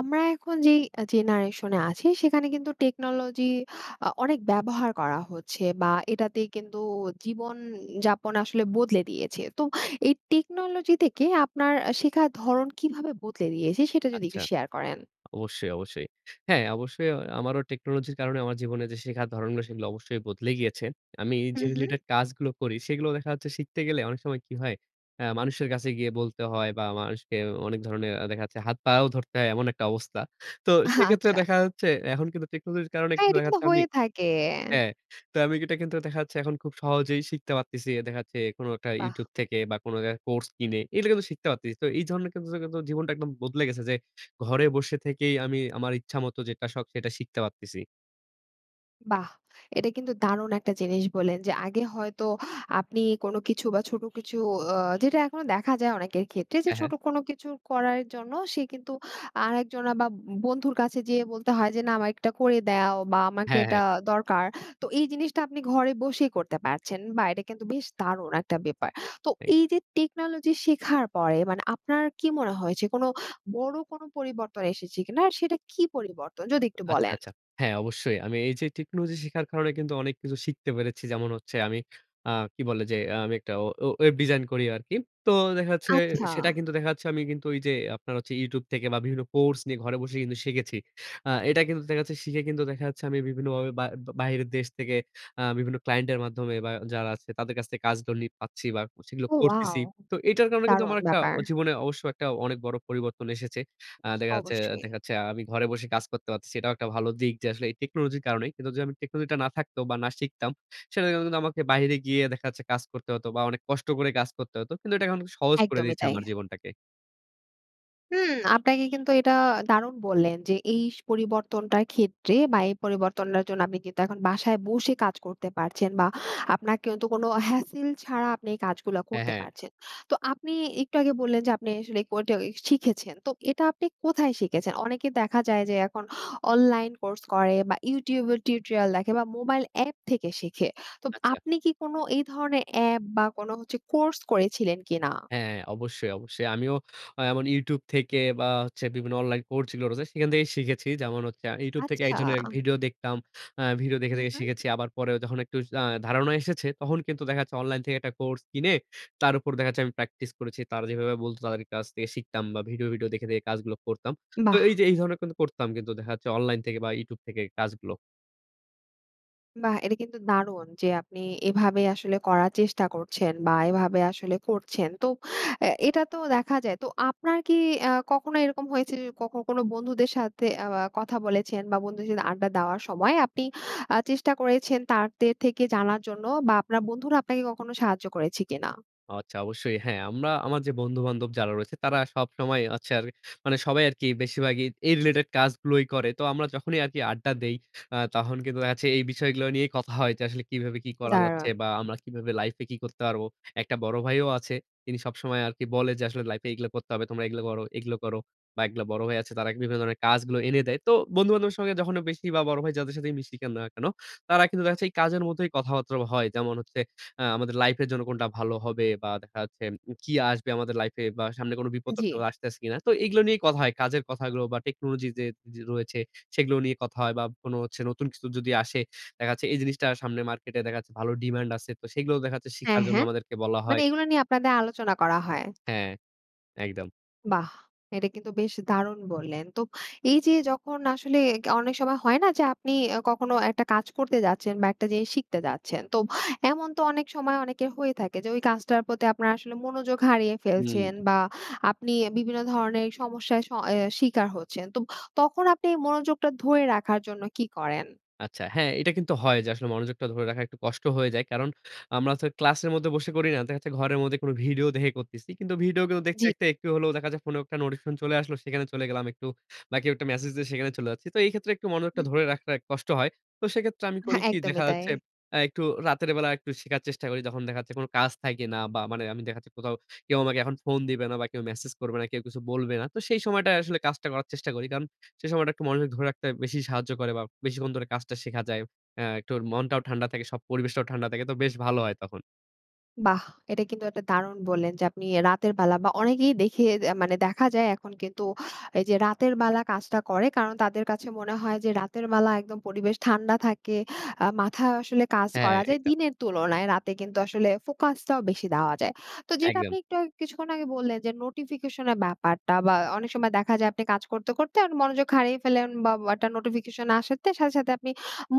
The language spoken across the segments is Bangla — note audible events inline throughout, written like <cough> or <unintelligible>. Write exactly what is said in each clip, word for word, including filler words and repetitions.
আমরা এখন যেই এ জেনারেশনে আছি, সেখানে কিন্তু টেকনোলজি অ অনেক ব্যবহার করা হচ্ছে। বা, এটাতে কিন্তু জীবন উ যাপন আসলে বদলে দিয়েছে। তো এই টেকনোলজি থেকে আপনার আ শেখার ধরণ কীভাবে বদলে দিয়েছে? সেটা যদি আচ্ছা। একটু শেয়ার করেন। অবশ্যই, অবশ্যই। হ্যাঁ, অবশ্যই আমারও টেকনোলজির কারণে আমার জীবনে যে শেখার ধরণগুলো, সেগুলো অবশ্যই বদলে গিয়েছে। আমি যে হুম, হুম। related task গুলো করি, সেগুলো দেখা যাচ্ছে শিখতে গেলে অনেক সময় কি হয় হ্যাঁ, মানুষের কাছে গিয়ে বলতে হয় বা, মানুষকে অ অনেক ধরনের আ দেখা যাচ্ছে হাত পাও ধরতে হয়। এমন একটা অবস্থা। তো আহ সেক্ষেত্রে আচ্ছা। দেখা যাচ্ছে এখন কিন্তু টেকনোলজির কারণে একটু হ্যাঁ, এটা দেখা কিন্তু যাচ্ছে আমি হয়ে থাকে। হ্যাঁ। তো আমি এটা কিন্তু দেখা যাচ্ছে এখন খুব সহজেই শিখতে পারতেছি। দেখা যাচ্ছে কোন একটা বাহ! YouTube থেকে বা, কোন এক কোর্স কিনে, এগুলা কিন্তু শিখতে পারতেছি। তো এই ধরনের কিছু জায়গায় তো জীবনটা একদম বদলে গেছে। যে ঘরে বসে থেকেই আমি আমার ইচ্ছামত যেটা শখ, সেটা শিখতে পারতেছি। বাহ! এটা কিন্তু দারুণ একটা জিনিস বললেন যে, আগে হয়তো আপনি কোন কিছু বা, ছোট কিছু অ যেটা এখনো দেখা যায় অনেকের ক্ষেত্রে। যে হ্যাঁ, ছোট হ্যাঁ। কোন কিছু করার জন্য সে কিন্তু আরেকজন বা, ব বন্ধুর কাছে যেয়ে বলতে হয় যে, "না, আমার একটা করে দেও বা, আমাকে হ্যাঁ, এটা হ্যাঁ। দরকার।" তো এই জিনিসটা আপনি ঘরে বসেই করতে পারছেন। বাহ! এটা কিন্তু বেশ দারুণ একটা ব্যাপার। তো এই এইযে টেকনোলজি শেখার পরে মানে আপনার কী মনে হয়েছে কোনো বড় কোন পরিবর্তন এসেছে কিনা? আর সেটা কী পরিবর্তন? যদি একটু আচ্ছা, বলেন। আচ্ছা। হ্যাঁ, অবশ্যই। আমি এইযে টেকনোলজি শেখার কারণে কিন্তু অনেক কিছু শিখতে পেরেছি। যেমন হচ্ছে আমি আ কি বলে যে আমি একটা ও ওয়েব ডিজাইন করি আরকি। তো দেখা যাচ্ছে আচ্ছা। সেটা কিন্তু দেখা যাচ্ছে আমি কিন্তু ওইযে আপনার হচ্ছে YouTube থেকে বা, বিভিন্ন কোর্স নিয়ে ঘরে বসে কিন্তু শিখেছি। আ এটা কিন্তু দেখা যাচ্ছে শিখে কিন্তু দেখা যাচ্ছে আমি বিভিন্নভাবে বা বাহিরের দেশ থেকে আ বিভিন্ন ক্লায়েন্টের মাধ্যমে বা, যারা আছে তাদের কাছ থেকে কাজগুলি পাচ্ছি বা, সেগুলো ও, ওয়াও! করতেছি। তো এটার কারণে কিন্তু আমার দারুণ একটা ব্যাপার। অ জীবনে অবশ্য একটা অনেক বড় পরিবর্তন এসেছে। আ দেখা যাচ্ছে অবশ্যই। দেখা যাচ্ছে আমি ঘরে বসে কাজ করতে পারতেছি। এটাও একটা ভালো দিক যে আসলে এই টেকনোলজির কারণেই। কিন্তু যদি আমি টেকনোলজিটা না থাকত বা, না শিখতাম, সেটার জন্য কিন্তু আমাকে বাইরে গিয়ে দেখা যাচ্ছে কাজ করতে হতো বা, অনেক কষ্ট করে কাজ করতে হতো। কিন্তু এটা এখন সহজ করে একদমই দিয়েছে তাই। আমার জীবনটাকে। হুম, আপনাকে কিন্তু এটা দারুণ বললেন। যে এই স পরিবর্তনটার ক্ষেত্রে, বা এই পরিবর্তনটার জন্য আপনি কিন্তু এখন বাসায় বসে কাজ করতে পারছেন, বা আপনার কিন্তু কোনো হ্যাসেল ছাড়া, আপনি এই কাজগুলা হ্যাঁ, করতে হ্যাঁ। পারছেন। তো আপনি একটু আগে বললেন, যে আপনি আসলে কো টে শিখেছেন। তো এটা আপনি কোথায় শিখেছেন? অনেকে দেখা যায়, যে এখন অনলাইন কোর্স করে, বা YouTube এর টিউটোরিয়াল দেখে বা মোবাইল অ্যাপ থেকে শিখে। তো আচ্ছা। আপনি কি কোনো এই ধরনের অ্যাপ, বা কোনো হচ্ছে কোর্স করেছিলেন কি না? হ্যাঁ অবশ্যই, অবশ্যই। আমিও আ এমন YouTube থেকে, বা হচ্ছে বিভিন্ন অনলাইন কোর্চগুলো রয়েছে, সেখান থেকেই শিখেছি। যেমন হচ্ছে, আমি YouTube থেকে আচ্ছা। একজনের ভিডিও দেখতাম। আ ভিডিও দেখে, হু, দেখে হু। শিখেছি। আবার পরেও যখন একটু আ ধারণা এসেছে, তখন কিন্তু দেখা যাচ্ছে অনলাইন থেকে একটা কোর্স কিনে, তার উপর দেখা যাচ্ছে আমি প্র্যাকটিস করেছি। তারা যেভাবে বলতো, তাদের কাছ থেকে শিখতাম বা ভিডিও, ভিডিও দেখে, দেখে কাজগুলো করতাম। তো এই বাহ! যে এই ধরনের কিন্তু করতাম, কিন্তু দেখা যাচ্ছে অনলাইন থেকে, বা YouTube থেকে কাজগুলো। বাহ! এটা কিন্তু দারুণ, যে আপনি এভাবে আসলে করার চেষ্টা করছেন, বা এভাবে আসলে করছেন। তো অ্যা এটা তো দেখা যায়। তো আপনার কি আ কখনো এরকম হয়েছে যে, কখন কোন বন্ধুদের সাথে আ কথা বলেছেন, বা বন্ধুদের সাথে আড্ডা দেওয়ার সময় আপনি, আ চেষ্টা করেছেন তাদের থেকে জানার জন্য? বা আপনার বন্ধুরা আপনাকে কখনো সাহায্য করেছে কিনা? আচ্ছা, অবশ্যই। হ্যাঁ, আমরা আমার যে বন্ধু-বান্ধব যারা রয়েছে তারা সবসময় হচ্ছে আর মানে সবাই আরকি, বেশিরভাগই এই রিলেটেড কাজগুলোই করে। তো আমরা যখনই আরকি আড্ডা দেই, আ তখন কিন্তু দেখা যাচ্ছে এই বিষয়গুলো নিয়েই কথা হয়। যে আসলে কিভাবে কি করা যাচ্ছে, দারুণ! বা আমরা কিভাবে লাইফে কি করতে পারব? একটা বড় ভাইও আছে। তিনি সবসময় আরকি বলে, যে আসলে, "লাইফে এগুলা করতে হবে। তোমরা এগুলা করো, এগুলো করো।" বা এগুলা বড় ভাই আছে। তারা বিভিন্ন ধরনের কাজগুলো এনে দেয়। তো বন্ধু-বান্ধব সঙ্গে যখন বেশি বা বড় ভাই যাদের সাথে মিশি, কেন না কেন, তারা কিন্তু দেখা যাচ্ছে এই কাজের মধ্যেই কথাবার্তা হয়। যেমন হচ্ছে, আ আমাদের লাইফ এর জন্য কোনটা ভালো হবে, বা দেখা যাচ্ছে, উ কি আসবে আমাদের লাইফ এ, বা সামনে কোন আ বিপদ-টিপদ জি। আসতেছে কিনা? তো এগুলো নিয়েই কথা হয়। কাজের কথাগুলো, বা টেকনোলজি যে যে রয়েছে, সেগুলো নিয়ে কথা হয়, বা কোনো হচ্ছে নতুন কিছু যদি আসে, দেখা যাচ্ছে এই জিনিসটা সামনে মার্কেটে, দেখা যাচ্ছে ভালো ডিমান্ড আছে। তো সেগুলোও দেখা যাচ্ছে শিখার হ্যাঁ, জন্য হ্যাঁ। আমাদেরকে বলা মানে হয়। এগুলা নিয়ে আপনাদের আলোচনা করা হয়। হ্যাঁ। একদম। বাহ! এটা কিন্তু বেশ দারুণ বললেন। তো এই যে যখন আসলে গা অনেক সময় হয় না যে আপনি আ কখনো একটা কাজ করতে যাচ্ছেন বা একটা জিনিস শিখতে যাচ্ছেন, তো এমন তো অনেক সময় অনেকের হয়ে থাকে যে ওই কাজটার প্রতি আপনারা আসলে মনোযোগ হারিয়ে ফেলছেন হুম। বা আপনি বিভিন্ন ধরনের সমস্যার শ এ শিকার হচ্ছেন। তো তখন আপনি এই মনোযোগটা ধরে রাখার জন্য কি করেন? আচ্ছা। হ্যাঁ এটা কিন্তু হয় যে আসলে মনোযোগটা ধরে রাখা একটু কষ্ট হয়ে যায় কারণ, আমরা তো ক্লাসের মধ্যে বসে করি না। দেখা যাচ্ছে, ঘরের মধ্যে কোনো ভিডিও দেখে করতেছি, কিন্তু ভিডিও গুলো দেখতে, জ্বি। দেখতে, একটু হলো দেখা যায় ফোনেও একটা নোটিফিকেশন চলে আসলো সেখানে চলে গেলাম একটু, বা কেউ একটা মেসেজ দিয়ে সেখানে চলে যাচ্ছি, তো এই ক্ষেত্রে একটু মনোযোগটা হুম, হুম। ধরে রাখাটা কষ্ট হয়। তো সেক্ষেত্রে আমি করি হ্যাঁ কি একদমই দেখা তাই। যাচ্ছে, এ্যা একটু রাতের বেলা একটু শেখার চেষ্টা করি যখন দেখা যাচ্ছে কোনো কাজ থাকে না বা মানে আমি দেখা যাচ্ছে, কোথাও কেউ আমাকে এখন ফোন দিবে না বা কেউ মেসেজ করবে না, কেউ কিছু বলবে না, তো সেই সময়টায় আসলে কাজটা করার চেষ্টা করি। কারণ সেই সময়টা একটু মনোযোগ ধরে রাখতে বেশি সাহায্য করে বা বেশিক্ষণ ধরে কাজটা শেখা যায়। অ্যা একটুর মনটাও ঠান্ডা থাকে সব পরিবেশটাও ঠান্ডা থাকে তো বেশ ভালো হয় তখন। বাহ! এটা কিন্তু একটা দারুণ বললেন যে আপনি এ্যা রাতের বেলা বা অনেকেই দেখি আ মানে দেখা যায় এখন কিন্তু, এই যে রাতের বেলা কাজটা করে কারণ তাদের কাছে মনে হয় যে রাতের ম্যালা একদম পরিবেশ ঠান্ডা থাকে, আ মাথায় আসলে কাজ হ্যাঁ, করা যায় এইটা। দিনের তুলনায় রাতে কিন্তু আসলে ফোকাসটাও বেশি দেওয়া যায়। তো যেটা একদম। আপনি একটু আগ কিছুক্ষণ আগে বললেন যে নোটিফিকেশন এর ব্যাপারটা, বা অনেক সময় দেখা যায় আপনি কাজ করতে, করতে, মনোযোগ হারিয়ে ফেললেন বা <unintelligible> নোটিফিকেশন আসাতে সাথে, সাথে, আপনি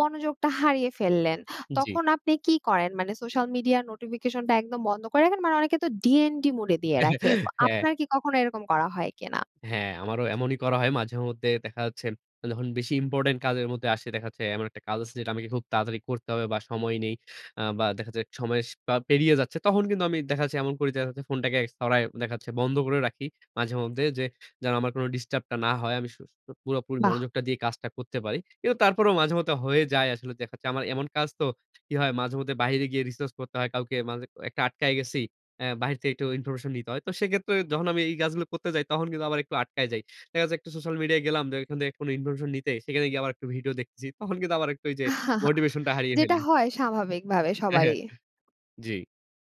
মনোযোগটা হারিয়ে ফেললেন, জ্বি। তখন আপনি কি করেন, মানে সোশ্যাল মিডিয়া, নোটিফিকেশন টা একদম বন্ধ করে রাখেন? মানে অনেকে তো ডিএনডি মোড এ দিয়ে রাখে। তো <chuckles> হ্যাঁ। আপনার কি কখনো এরকম করা হয় কি না? হ্যাঁ, আমারও এমনই করা হয় মাঝেমধ্যে। দেখা যাচ্ছে, যখন বেশি ইম্পোর্টেন্ট কাজের মধ্যে আসে দেখা যাচ্ছে এমন একটা কাজ আছে যেটা আমাকে খুব তাড়াতাড়ি করতে হবে বা সময় নেই। আ বা দেখা যায় সময় স বা পেরিয়ে যাচ্ছে, তখন কিন্তু আমি দেখা যাচ্ছে এমন করি দেখা যাচ্ছে ফোনটাকে ছরায় দেখা যাচ্ছে বন্ধ করে রাখি। মাঝে মধ্যে যে যেন আমার কোনো ডিস্টার্ব টা না হয়। আমি শু শু পুরোপুরি বাহ! মনোযোগটা দিয়ে কাজটা করতে পারি। কিন্তু তারপরেও মাঝে মধ্যে হয়ে যায় আসলে দেখা যাচ্ছে আমার এমন কাজ তো, কি হয় মাঝেমধ্যে বাহিরে গিয়ে রিসার্চ করতে হয় কাউকে মাযে একটা আটকায় গেছি, অ্যা বাহির থেকে একটু ইনফরমেশন নিতে হয়, তো সেক্ষেত্রে যখন আমি এই কাজগুলো করতে যাই তখন কিন্তু আবার একটু আটকায় যাই। দেখা যাচ্ছে, একটু সোশ্যাল মিডিয়ায় গেলাম <unintelligible> থেকে কোনো ইনফরমেশন নিতে, সেখানে গিয়ে আবার একটু ভিডিও দেখতেছি। তখন কিন্তু আবার একটু ঐযে <chuckles> মোটিভেশনটা হারিয়ে যেটা ফেলি। হয় স্বাভাবিকভাবে হ্যাঁ, হ্যাঁ। সবারই। জ্বি।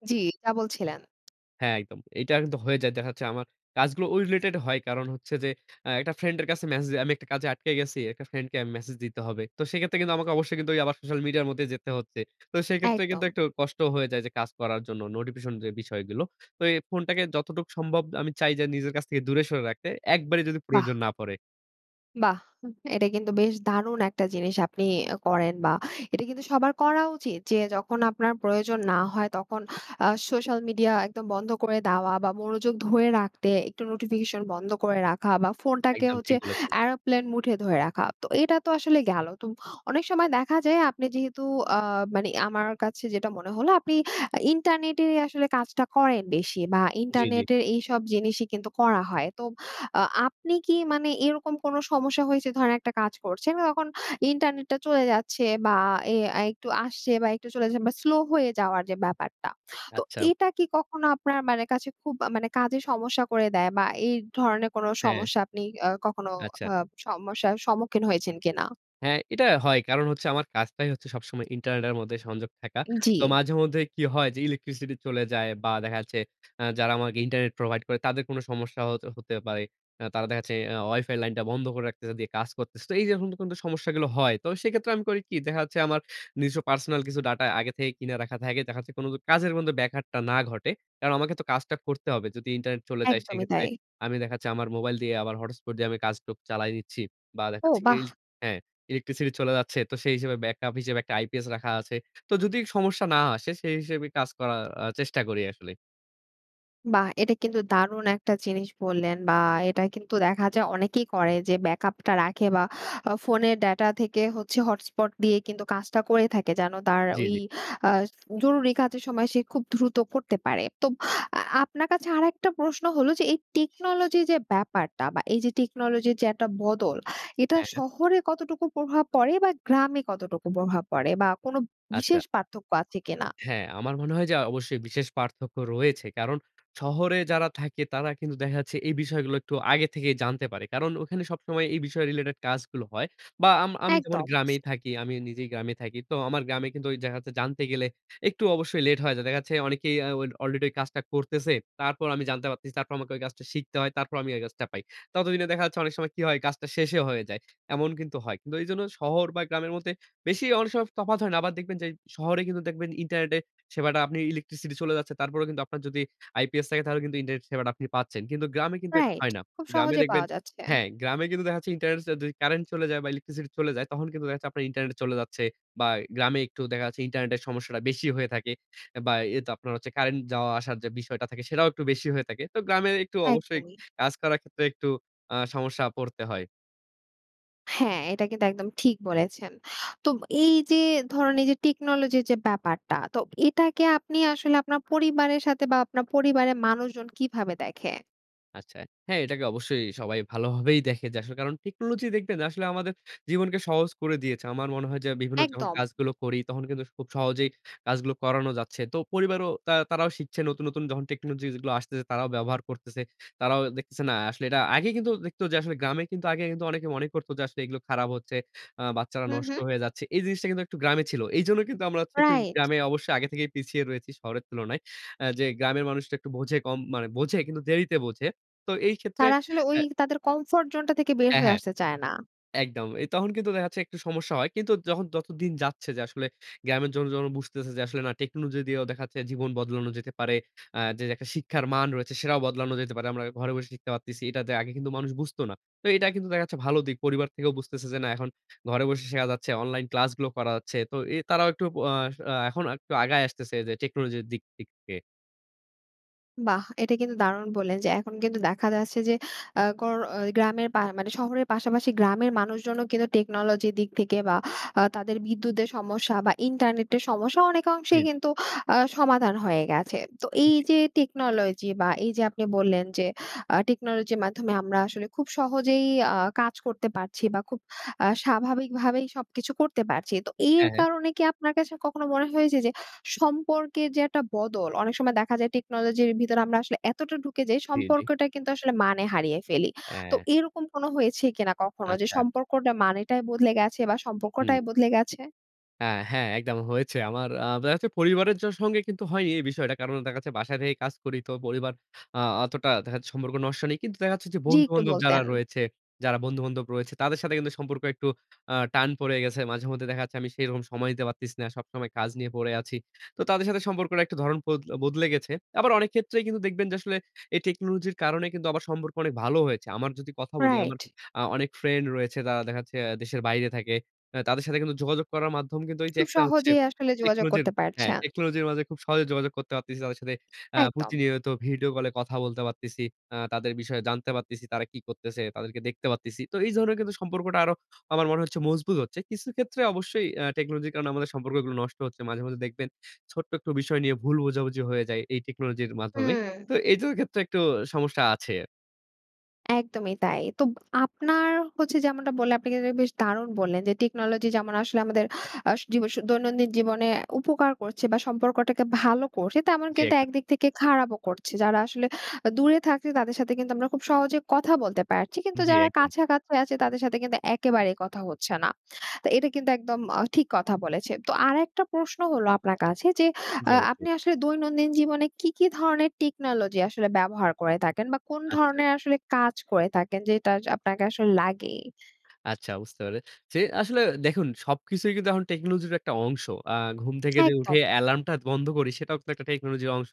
জ্বি, যা বলছিলেন। হ্যাঁ, একদম। এইটা কিন্তু হয়ে যায়। দেখা যাচ্ছে আমার কাজগুলো ওই রিলেটেড হয়। কারণ হচ্ছে যে আ একটা ফ্রেন্ডের কাছে ম্যসেজ দি আমি একটা কাজে আটকে গেছি, একটা ফ্রেন্ডকে মেসেজ দিতে হবে। তো সেইক্ষেত্রে কিন্তু আমাকে অবশ্যই কিন্তু ওই আবার সোশ্যাল মিডিয়ার মধ্যেই যেতে হচ্ছে। তো সেইক্ষেত্রে কিন্তু একদম। একটু কষ্ট হয়ে যায় যে কাজ করার জন্য নোডিফিশন যে বিষয়গুলো। তো এই ফোনটাকে যতটুক সম্ভব আমি চাই যে নিজের কাছ থেকে দূরে সরে রাখতে, একবারই যদি বাহ! প্রয়োজন না পড়ে। বাহ! হু এইটা কিন্তু বেশ দারুণ একটা জিনিস আপনি আ করেন। বা, এটা কিন্তু সবার করা উচিত। যে যখন আপনার প্রয়োজন না হয়, তখন আ সোশ্যাল মিডিয়া একদম বন্ধ করে দেওয়া বা, মনোযোগ ধরে রাখতে একটু নোটিফিকেশন বন্ধ করে রাখা বা, ফোনটাকে একদম হচ্ছে ঠিক বলেছেন। aeroplane mode এ ধরে রাখা। তো এটা তো আসলে গেল। তো অনেক সময় দেখা যায় আপনি যেহেতু আ মানে আমার কাছে যেটা মনে হলো আপনি আ ইন্টারনেটেরই আসলে কাজটা করেন বেশি বা, জি, জি। ইন্টারনিটের এইসব জিনিসই কিন্তু করা হয়। তো আ আপনি কি মানে এইরকম কোন সমস্যা হয়েছে? ধরেন, একটা কাজ করছেন তখন ইন্টারনেটটা চলে যাচ্ছে বা, এ একটু আসছে বা, একটু চলে যাচ্ছে বা, স্লো হয়ে যাওয়ার যে ব্যাপারটা? তো আচ্ছা। এটা কি কখনো আপনার মানে কাছে খুব আ মানে কাজে সমস্যা করে দেয় বা, এই ধরনের কোনো হ্যাঁ। সমস্যা আপনি আ কখনো আচ্ছা। আ সমস্যার সম্মুখীন হয়েছেন কিনা? হ্যাঁ, এটা হয়। কারণ হচ্ছে আমার কাজটাই হচ্ছে সবসময় ইন্টারনেটের মধ্যে সংযোগ থাকা। ই তো জি। মাঝেমধ্যে কী হয়? যে ইলেকট্রিসিটি চলে যায় বা, দেখা যাচ্ছে আ যারা আমাকে ইন্টারনেট প্রোভাইড করে, তাদের কোন সমস্যা হ হতে পারে। আ তারা দেখা যাচ্ছে অ ওয়াইফাই লাইনটা বন্ধ করে রাখতেছে। দিয়ে কাজ করতেছে। তো এইযে এখন যে সমস্যাগুলো হয়, তো সেক্ষেত্রে আমি করি কি? দেখা যাচ্ছে আমার নিজস্ব পার্সোনাল কিছু ডাটা আগে থেকেই কিনে রাখা থাকে। দেখা যাচ্ছে কোনো ক কাজের মধ্যে ব্যাঘাতটা না ঘটে। কারণ আমাকে তো কাজটা করতে হবে। যদি ইন্টারনেট চলে যায়, একদমই সেইক্ষেত্রে তাই। আমি দেখা যাচ্ছে আমার মোবাইল দিয়ে, আবার হটস্পট দিয়ে আমি কাজটুক চালায় নিচ্ছি। বা দেখা ও, যাচ্ছে ইলস বাহ! হ্যাঁ, ইলেকট্রিসিটি চলে যাচ্ছে, তো সেই হিসেবে ব্যাকআপ হিসেবে একটা আইপিএস রাখা আছে। তো যদি সমস্যা না আসে, সেই হিসেবে কাজ করার আ চেষ্টা করি আসলে। বাহ! এটা কিন্তু দারুণ একটা জিনিস বললেন বা এটা কিন্তু দেখা যায় অনেকেই করে যে ব্যাকআপ টা রাখে বা আ ফোনের ডেটা থেকে হচ্ছে হটস্পট দিয়ে কিন্তু কাজটা করে থাকে। যেন তার জি, ঐ জি। আ জরুরি কাজের সময় সে খুব দ্রুত করতে পারে। তো আ আপনার কাছে আরেকটা প্রশ্ন হলো যে এই টেকনোলজি যে ব্যাপারটা বা এই যে টেকনোলজির যে একটা বদল এটা হ্যাঁ। শহরে কতটুকু প্রভাব পড়ে বা গ্রামে কতটুকু প্রভাব পড়ে? বা কোনো আচ্ছা। বিশেষ পার্থক্য আছে কিনা? হ্যাঁ, আমার মনে হয় যে অবশ্যই বিশেষ পার্থক্য রয়েছে। কারণ শহরে যারা থাকে তারা কিন্তু দেখা যাচ্ছে এই বিষয়গুলো একটু আগে থেকেই জানতে পারে। কারণ ওখানে সবসময় এই বিষয় রিলেটেড কাজগুলো হয়। বা আম আমি যেমন একদম। গ্রামেই থাকি, আমি নিজেই গ্রামে থাকি। তো আমার গ্রামে কিন্তু ওই দেখা যাচ্ছে জানতে গেলে একটু অবশ্যই লেট হয়ে যায়। দেখা যাচ্ছে অনেকেই আ ওল অলরেডি ওই কাজটা করতেছে, তারপর আমি জানতে পারতেছি তারপর আমাকে ঐ কাজটা শিখতে হয়, তারপর আমি ওই কাজটা পাই। ততদিনে দেখা যাচ্ছে অনেক সময় কী হয় কাজটা শেষেই হয়ে যায়, এমন কিন্তু হয়। কিন্তু এজন্য শহর বা গ্রামের মধ্যে বেশি অনেক সময় তফাত হয় না, আবার দেখবেন যে শহরে কিন্তু দেখবেন ইন্টারনেটে সেবাটা আপনি ইলেকট্রিসিটি চলে যাচ্ছে। তারপরেও কিন্তু আপনার যদি আইপিএস থাকে তাহলে কিন্তু ইন্টারনেট সেবাটা আপনি পাচ্ছেন। কিন্তু গ্রামে কিন্তু এটা রাইট, হয় না। খুব গ্রামে সহজে দেখবেন পাওয়া যাচ্ছে। হ্যাঁ। গ্রামে কিন্তু দেখাচ্ছে ইন্টারনেট <unintelligible> কারেন্ট চলে যায় বা ইলেকট্রিসিটি চলে যায়। তখন কিন্তু দেখা যাচ্ছে আপনার ইন্টারনেটে চলে যাচ্ছে। বা গ্রামে একটু দেখা যাচ্ছে ইন্টারনেটের সমস্যাটা বেশি হয়ে থাকে। বা এইতো আপনার হচ্ছে কারেন্ট যাওয়া আসার যে বিষয়টা থাকে সেটাও একটু বেশি হয়ে থাকে। তো গ্রামের একটু অবশ্যই একদমই। কাজ করার ক্ষেত্রে একটু আ সমস্যা পড়তে হয়। হ্যাঁ, এইটা কিন্তু একদম ঠিক বলেছেন। তোব এইযে ধরেন এইযে টেকনোলজির যে ব্যাপারটা, তো এটাকে আপনি আসলে আপনার পরিবারের সাতে বা, আপনার পরিবারের মানুষজন কীভাবে দেখে? আচ্ছা। হ্যাঁ, এইটাকে অবশ্যই সবাই ভালোভাবেই দেখে। যে আসলে কারণ টেকনোলজি দেখবেন আসলে আমাদের জীবনকে সহজ করে দিয়েছে। আমার মনে হয় যে বিভিন্ন যখন একদম। কাজগুলো করি, তখন কিন্তু খুব সহজেই কাজগুলো করানো যাচ্ছে। তো পরিবারও তা তারাও শিখছে নতুন, নতুন যখন টেকনোলজি যেগুলো আসতেছে, তারাও ব্যবহার করতেছে। তারাও দেখতেছে না, আসলে এটা আগে কিন্তু দেখত যে গ্রামে কিন্তু আগে কিন্তু অনেকে মনে করতো যে আসলে এগুলো খারাপ হচ্ছে। আ বাচ্চারা হু, নষ্ট হু। হয়ে যাচ্ছে। এই জিনিসটা কিন্তু একটু গ্রামে ছিল। এইজন্য কিন্তু আমরা হচ্ছে একটু রাইট। গ্রামে অবশ্যই আগে থেকেই পিছিয়ে রয়েছি শহরের তুলনায়। আ যে গ্রামের মানুষটা একটু বোঝে কম। মানে বোঝে কিন্তু দেরিতে বোঝে। তো এইক্ষেত্রে তারা আসলে ওই এ তাদের কম্ফোর্ট জোনটা থেকে বের হ্যাঁ, হয়ে হ্যাঁ। আসতে চায় না। একদম। এই তখন কিন্তু দেখা যাচ্ছে একটু সমস্যা হয়। কিন্তু যখন যতদিন যাচ্ছে যে আসলে গ্রামের জনগণ যখন বুঝতেছে যে আসলে না টেকনোলজি দিয়েও দেখা যাচ্ছে জীবন বদলানো যেতে পারে। আ যে একটা শিক্ষার মান রয়েছে, সেটাও বদলানো যেতে পারে। আমরা ঘরে বসে শিখতে পারতেছি। এইটা তে আগে কিন্তু মানুষ বুঝতো না। তো এইটা কিন্তু দেখা যাচ্ছে ভালো দিক। পরিবার থেকেও বুঝতেছে যে, না এখন ঘরে বসে শেখা যাচ্ছে, অনলাইন ক্লাসগুলো করা যাচ্ছে। তো এ তারাও একটু অ আস আ এখন একটু আসলে আগায় আসতেছে যে টেকনোলজির দিক দিক দিয়ে। বাহ! এটা কিন্তু দারুণ বললেন যে, এখন কিন্তু দেখা যাচ্ছে যে আ কর ঐ গ্রামের পা মানে শহরের পাশাপাশি গ্রামের মানুষজনও কিন্তু টেকনোলজির দিক থেকে বা আ তাদের বিদ্যুতের সমস্যা বা ইন্টারনেটের সমস্যা জি, অনেকাংশেই জি। কিন্তু আ সমাধান হয়ে গেছে। তো এই জি। যে টেকনোলজি বা এই যে আপনি বললেন যে, আ টেকনোলজির মাধ্যমে আমরা আসলে খুব সহজেই আ কাজ করতে পারছি বা খুব আ স্বাভাবিকভাবেই সবকিছু করতে পারছি। তো এর হ্যাঁ, হ্যাঁ। কারণে কি আপনার কাছে কখনো মনে হয় যে, যে, সম্পর্কের যে একটা বদল, অনেক সময় দেখা যায় টেকনোলজির ভিতরে আমরা আসলে এতটা ঢুকে যাই, জি, জি। সম্পর্কটা কিন্তু আসলে মানে হারিয়ে ফেলি। তো অ্যাঁ এরকম কোন হয়েছে কিনা, কখনো যে আচ্ছা। সম্পর্কটা মানেটাই বদলে গেছে বা হুম। সম্পর্কটাই বদলে গেছে? আ হ্যাঁ একদম হয়েছে। আমার আ দেখা যাচ্ছে পরিবারের জ সঙ্গে কিন্তু হয়নি এই বিষয়টা কারণ, দেখা যাচ্ছে বাসায় থেকে কাজ করি তো পরিবার আ অতটা দেখা যাচ্ছে, সম্পর্ক নষ্ট নেই। কিন্তু দেখা যাচ্ছে, যে জি, একটু বন্ধু-বান্ধব যারা বলতেন। রয়েছে, যারা বন্ধু-বান্ধব রয়েছে, তাদের সাথে কিন্তু সম্পর্ক একটু আ টান পড়ে গেছে। মাঝেমধ্যে দেখা যাচ্ছে আমি সেরকম সময় দিতে পারতেছি না, সবসময় কাজ নিয়ে পড়ে আছি। তো তাদের সাথে সম্পর্কটা একটা ধরণ পোদ বদলে গেছে। আবার অনেক ক্ষেত্রেই কিন্তু দেখবেন যে আসলে এই টেকনোলজির কারণে কিন্তু আবার সম্পর্ক অনেক ভালো হয়েছে। আমার যদি কথা বলি, আমার রাইট। আ অনেক ফ্রেন্ড রয়েছে, তারা দেখা যাচ্ছে দেশের বাইরে থাকে। আ তাদের সাথে কিন্তু যোগাযোগ করার মাধ্যম কিন্তু এই যে খুব একটা হচ্ছে, সহজেই আসলে যোগাযোগ টেকনোজির করতে হ্যাঁ, পারছেন। টেকনোলজির মাঝে খুব সহজে যোগাযোগ করতে পারতেছি তাদের সাথে, আ একদম। প্রতিনিয়ত ভিডিও কলে কথা বলতে পারতেছি, আ তাদের বিষয়ে জানতে পারতেছি তারা কি করতেছে? তাদেরকে দেখতে পারতেছি। তো এই ধরনের কিন্তু সম্পর্কটা আরো আমার মনে হচ্ছে মজবুত হচ্ছে। কিছু ক্ষেত্রে অবশ্যই আ টেকনোলজির কারণে আমাদের সম্পর্কগুলো নষ্ট হচ্ছে। মাঝে, মাঝে, দেখবেন ছোট্ট একটু বিষয় নিয়ে ভুল বোঝাবুঝি হয়ে যায় এই টেকনোলজির মাধ্যমে। তো হুম। এইটার ক্ষেত্রে একটু সমস্যা আছে। একদমই তাই। তো আপনার হচ্ছে যেমনটা বললে আপনি কিন্তু বেশ দারুণ বললেন। যে টেকনোলজি যেমন আসলে আমাদের আস জীব স দৈনন্দিন জীবনে উপকার করছে বা সম্পর্কটাকে ভালো করছে, তেমন জি, কিন্তু একদম। একদিক থেকে খারাপও করছে। যারা আসলে আ দূরে থাকছে, তাদের সাথে কিন্তু আমরা খুব সহজে কথা বলতে পারছি। কিন্তু জি, যারা একদম। কাছাকাছি আছে, তাদের সাথে কিন্তু একেবারে কথা হচ্ছে না। তো এটা কিন্তু একদম অ ঠিক কথা বলেছেন। তো আরেকটা প্রশ্ন হলো আপনার কাছে, যে জি, আ আপনি অবশ্যই। আসলে দৈনন্দিন জীবনে কী, কী ধরনের টেকনোলজি আসলে ব্যবহার করে থাকেন? বা কোন আচ্ছা। ধরনের আসলে কাজ করে থাকেন, যেটা জ আপনাকে আসলে লাগে? আচ্ছা বুঝতে পেরেছি। আসলে দেখুন সবকিছুই কিন্তু এহন টেকনোলজির একটা অংশ। আ ঘুম থেকে যে উঠে একদম। এলার্মটা বন্ধ করি, সেটাও কিন্তু একটা টেকনোলজির অংশ।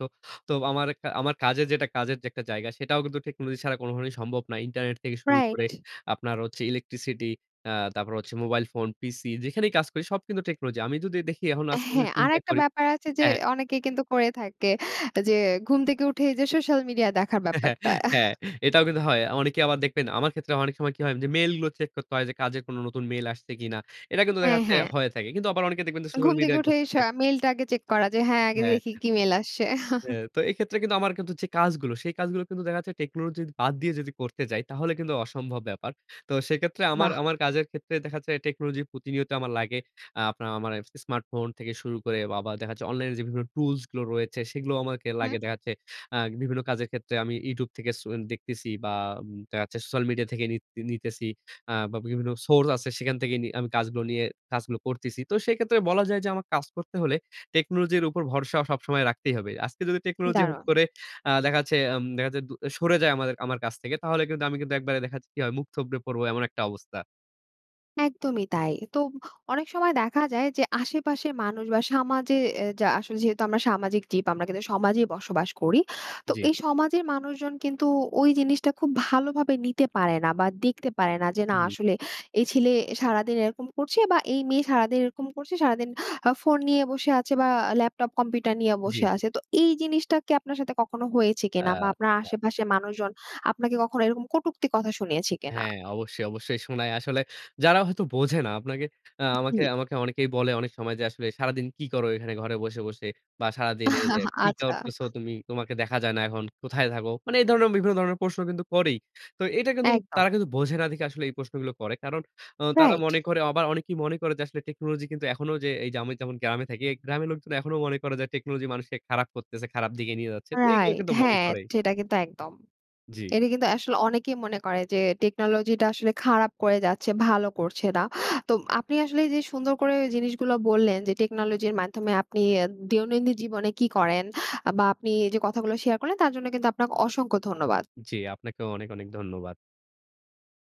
তো আমার একটা আমার কাজের যেটা কাজের যে একটা জায়গা, সেটাও কিন্তু টেকনোলজি ছাড়া কোন ভাবেই সম্ভব না। ইন্টারনেট থেকে শুরু করে, রাইট। আপনার হচ্ছে ইলেকট্রিসিটি, অ্যা তারপর হচ্ছে মোবাইল ফোন, পিসি, যেখানেই কাজ করি সব কিন্তু টেকনোলজি। আমি যদি দেখি এখন আজকে যদি হ্যাঁ। চিন্তা আরেকটা করি ব্যাপার আছে যে হ্যাঁ। অনেকেই কিন্তু করে থাকে। যে ঘুম থেকে উঠে এই যে সোশ্যাল মিডিয়া দেখার ব্যাপারটা। <chuckles> হ্যাঁ, <scoffs> এটাও কিন্তু হয়। অনেকে আবার দেখবেন, আমার ক্ষেত্রে অনেক সময় কি হয় উম যে মেইলগুলো চেক করতে হয়, যে কাজে কোন নতুন মেইল আসছে কিনা? এটা কিন্তু দেখা হ্যাঁ, যাচ্ছে হ্যাঁ। হয়ে থাকে। কিন্তু আবার অনেকে দেখবেন যে সোশ্যাল ঘুম থেকে মিডিয়ায় উঠেই ঘরতেছে। সা মেইলটা আগে চেক করা যে হ্যাঁ, আগে হ্যাঁ। দেখি কী মেইল আসছে? <chuckles> হ্যাঁ। তো এক্ষেত্রে কিন্তু আমার কিন্তু যে কাজগুলো, সেই কাজগুলো কিন্তু দেখা যাচ্ছে টেকনোলজির বাদ দিয়ে যদি করতে যাই, তাহলে কিন্তু অসম্ভব ব্যাপার। তো সেক্ষেত্রে আমার, বাহ! আমার কাজের ক্ষেত্রে দেখা যাচ্ছে টেকনোলজি প্রতিনিয়ত আমার লাগে। আ আপনার আ মানে স্মার্টফোন থেকে শুরু করে বা আবার দেখাচ্ছে অনলাইনে যে বিভিন্ন টুলস গুলো রয়েছে, সেগুলোও আমাকে হুম। লাগে। দেখা যাচ্ছে আ বিভিন্ন কাজের ক্ষেত্রে আমি YouTube থেকে সু দেখতেসি। বা উম দেখা যাচ্ছে সোশ্যাল মিডিয়া থেকে নিত নিতেছি, আ বা বিভিন্ন সোর্স আছে সেখান থেকে নি আমি কাজগুলো নিয়ে কাজগুলো করতেছি। তো সেক্ষেত্রে বলা যায় যে আমার কাজ করতে হলে, টেকনোলজির উপর ভরসা সবসময় রাখতেই হবে। আজকে যদি টেকনোলজি হুট দারুন! করে আ দেখা যাচ্ছে আম দেখা যাচ্ছে দু এ সরে যায় আমাদের আমার কাছ থেকে। তাহলে কিন্তু আমি কিন্তু একবারে দেখা যাচ্ছে কি হয় মুখ থুবড়ে পড়বো, এমন একটা অবস্থা। একদমই তাই। তো অনেক সময় দেখা যায় যে, আশেপাশের মানুষ বা সামাজে এ যা আসলে যেহেতু আমরা সামাজিক জীব, আমরা কিন্তু সমাজেই বসবাস করি। তো জি। এই সমাজের মানুষজন কিন্তু ওই জিনিসটা খুব ভালোভাবে নিতে পারে না বা দেখতে পারে না। যে না হুম। আসলে এই ছেলে সারাদিন এরকম করছে বা এই মেয়ে সারাদিন এরকম করছে, সারাদিন আ ফোন নিয়ে বসে আছে বা ল্যাপটপ, কম্পিউটার নিয়ে জি, বসে জি। আছে। তো এই জিনিসটা কি আপনার সাথে কখনো হয়েছে কিনা? বা আপনার আচ্ছা। আশেপাশের মানুষজন আপনাকে কখনো এরকম কটুক্তি কথা শুনিয়েছে কিনা? হ্যাঁ অবশ্যই, অবশ্যই শোনায়। আসলে যারা হয়তো বোঝে না আপনাকে আ আমাকে, জি। আমাকে অনেকেই বলে অনেক সময় যে আসলে, "সারাদিন কি করো এখানে ঘরে বসে, বসে? বা সারাদিন এইযে <laughs> কি আচ্ছা। করতেছো তুমি? তোমাকে দেখা যায় না এখন, কোথায় থাকো?" মানে এই ধরণের বিভিন্ন ধরনের প্রশ্ন কিন্তু করেই। তো এটা কিন্তু একদম। তারা কিন্তু বোঝে না দেখে আসলে এই প্রশ্নগুলো করে। কারণ আ তারা রাইট। মনে করে অবা অনেকেই মনে করে যে আসলে টেকনোলজি কিন্তু এখনো যে এই যে আমি যেমন গ্রামে থাকি। এই গ্রামের লোকজন এখনো মনে করে যে টেকনোলজি মানুষকে খারাপ করতেছে, খারাপ দিকে নিয়ে যাচ্ছে। তো এগুলো রাইট। কিন্তু মনে হ্যাঁ, করেই। ঠেটা কিন্তু একদম। জি। এটা কিন্তু আসলে অনেকেই মনে করে যে টেকনোলজি টা আসলে খারাপ করে যাচ্ছে, ভালো করছে না। তো আপনি আসলে এই যে সুন্দর করে জিনিসগুলা বললেন যে টেকনোলজির মাধ্যমে আপনি অ্যা দিয়োনন্দিন জীবনে কী করেন, আ বা আপনি এই যে কথাগুলো শেয়ার করলেন, তার জন্য কিন্তু আপনাক অসংখ্য ধন্যবাদ। জি। আপনাকেও অনেক, অনেক ধন্যবাদ।